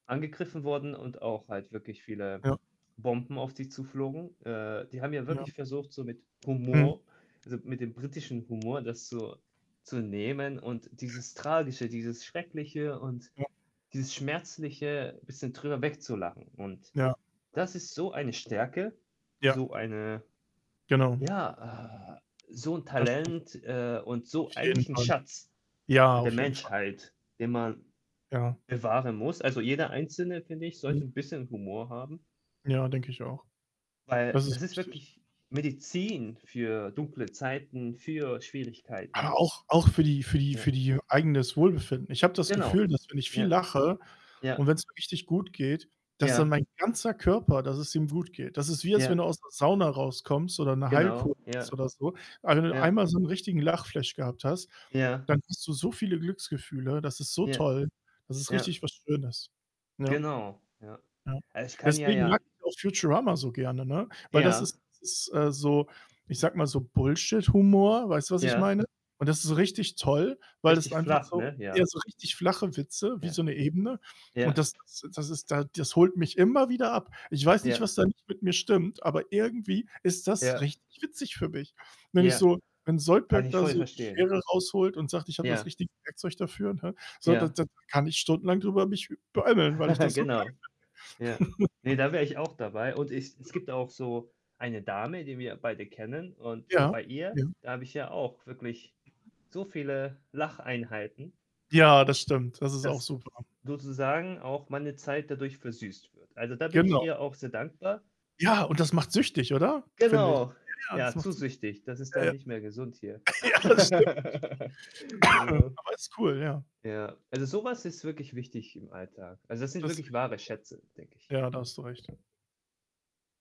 Angegriffen worden und auch halt wirklich, viele Ja. Bomben auf dich zuflogen. Äh, die haben ja Ja. wirklich versucht, so mit Mhm. Humor, also, mit dem britischen Humor, das so zu nehmen und Ja. dieses tragische, dieses schreckliche und Ja. dieses schmerzliche bisschen drüber wegzulachen und, Ja. das ist so eine Stärke, Ja. so eine Genau. ja, ah so 'n Das stimmt. Talent, äh, und so Auf jeden eigentlich 'n Fall. Schatz Ja, der auf jeden Fall. Menschheit, den man Ja. bewahren muss. Also, jeder Einzelne, finde ich, Mhm. sollte 'n bisschen Humor haben. Ja, denke ich auch. Weil, Das das ist ist wichtig. wirklich Medizin, für dunkle Zeiten, für Schwierigkeiten. Aber auch auch für die für die Ja. für die eigenes Wohlbefinden. Ich habe das Genau. Gefühl, dass wenn ich viel Ja. lache und Ja. wenn's mir richtig gut geht, dass dann Ja. mein ganzer Körper dass es ihm gut geht. Das ist wie, als wenn du Ja. aus 'ner Sauna rauskommst, oder 'ne Genau. Heilkur machst, Ja. oder so. [unintelligible] Ja. einmal so 'n richtigen Lachflash gehabt hast, Ja. dann hast du so viele Glücksgefühle, das ist so Ja. toll, das ist Ja. richtig was Schönes. Ja. Genau, ja. Ja. Also, ich kann ja Deswegen mag ja ich auch Futurama so gerne, ne? Weil das Ja. ist ist, äh, so ich sage mal so, Bullshit-Humor, weißt du, was ich Ja. meine? Und das ist so richtig toll, weil das Richtig einfach flach, so ne? ja Ja. so richtig flache Witze wie Ja. so 'ne Ebene. Und Ja. das [unintelligible] das ist da das holt mich immer wieder ab. Ich weiß nicht, Ja. was da nicht mit mir stimmt, aber irgendwie ist das Ja. richtig witzig für mich. Wenn ich Ja. so wenn Kann Zoidberg ich da voll so die verstehen. Schere rausholt und sagt: „Ich habe das Ja. richtige Werkzeug dafür“, ne? So, da Ja. da da kann ich stundenlang drüber mich beömmeln, weil ich das so geil Genau. Ja. finde. Ne, da wäre ich auch dabei. Und ich Ja. es gibt auch so eine Dame, die wir beide kennen und, Ja, bei ihr, ja. da habe ich ja auch wirklich, so viele Lacheinheiten Ja, das stimmt, das ist auch dass super. sozusagen auch meine Zeit dadurch versüßt wird. Also, da bin ich Genau. ihr auch sehr dankbar. Ja, und das macht süchtig, oder? Finde ich. Genau. Ja, das Ja, zu macht süchtig. süchtig. Das ist dann Äh nicht mehr gesund hier. Ja, das stimmt. Genau. Aber ist cool, ja. Ja. Also, so was ist wirklich wichtig, im Alltag. Also, das sind Das sehe wirklich ich auch. wahre Schätze, denke ich. Ja, da hast du recht.